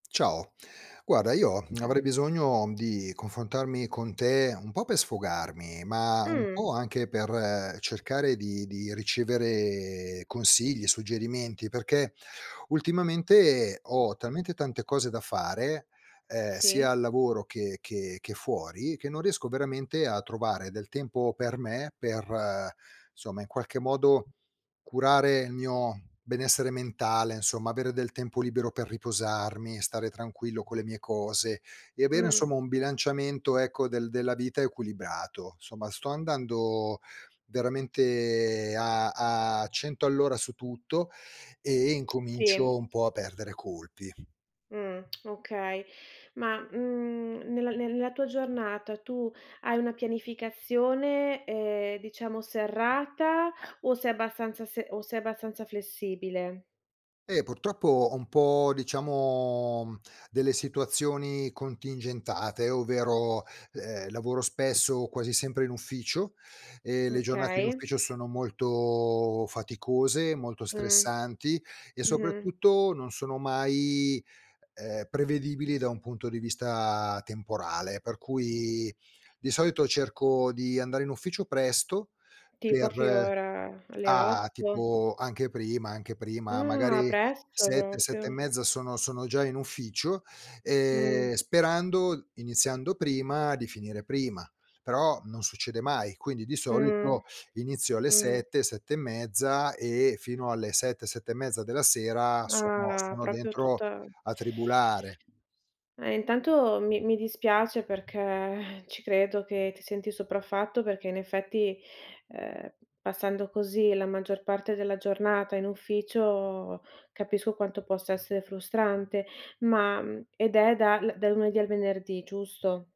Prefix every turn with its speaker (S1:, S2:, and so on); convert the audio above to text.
S1: Ciao. Guarda, io
S2: Cia
S1: avrei bisogno di confrontarmi con te, un po' per sfogarmi, ma un
S2: Mh.
S1: po' anche per cercare di di ricevere consigli, suggerimenti, perché, ultimamente, ho talmente tante cose da fare, ehm, sia
S2: Sì.
S1: al lavoro che che che fuori, che non riesco veramente a trovare del tempo per me, per, somma, in qualche modo, curare il mio benessere mentale, insomma avere del tempo libero per riposarmi, stare tranquillo con le mie cose e avere
S2: Mh.
S1: insomma un bilanciamento ecco del della vita equilibrato. Somma, sto andando veramente a a 100 all'ora su tutto e
S2: Sì.
S1: incomincio un po' a perdere colpi.
S2: Mh, okay. Ma, mhmm, nel nella tua giornata tu hai una pianificazione, ehm, diciamo serrata o sei abbastanza se o sei abbastanza flessibile?
S1: Eh, purtroppo ho un po', diciamo, delle situazioni contingentate, ovvero, ehm, lavoro spesso, quasi sempre in ufficio e le giornate in
S2: Okay.
S1: ufficio sono molto faticose, molto
S2: Mh,
S1: stressanti e,
S2: mh-mh.
S1: soprattutto non sono mai, ehm, prevedibili, da un punto di vista temporale, per cui di solito cerco di andare in ufficio presto
S2: Tipo a che
S1: per
S2: ora? Alle
S1: ah
S2: 8?
S1: tipo anche prima, anche prima,
S2: Ah,
S1: magari
S2: presto
S1: 7, 7 e
S2: proprio.
S1: mezza sono sono già in ufficio,
S2: Mh.
S1: ehm, sperando, iniziando prima, di finire prima. Però non succede mai, quindi di
S2: Mh,
S1: solito inizio alle
S2: mh.
S1: 7, 7 e mezza e fino alle 7, 7 e mezza della sera sono
S2: Ah,
S1: sono
S2: proprio
S1: dentro
S2: tutta
S1: a tribulare.
S2: Eh intanto mi mi dispiace perché ci credo che ti senti sopraffatto, perché in effetti, ehm, passando così la maggior parte della giornata in ufficio, capisco quanto possa essere frustrante, ma, mhmm, ed è dal dal lunedì al venerdì, giusto?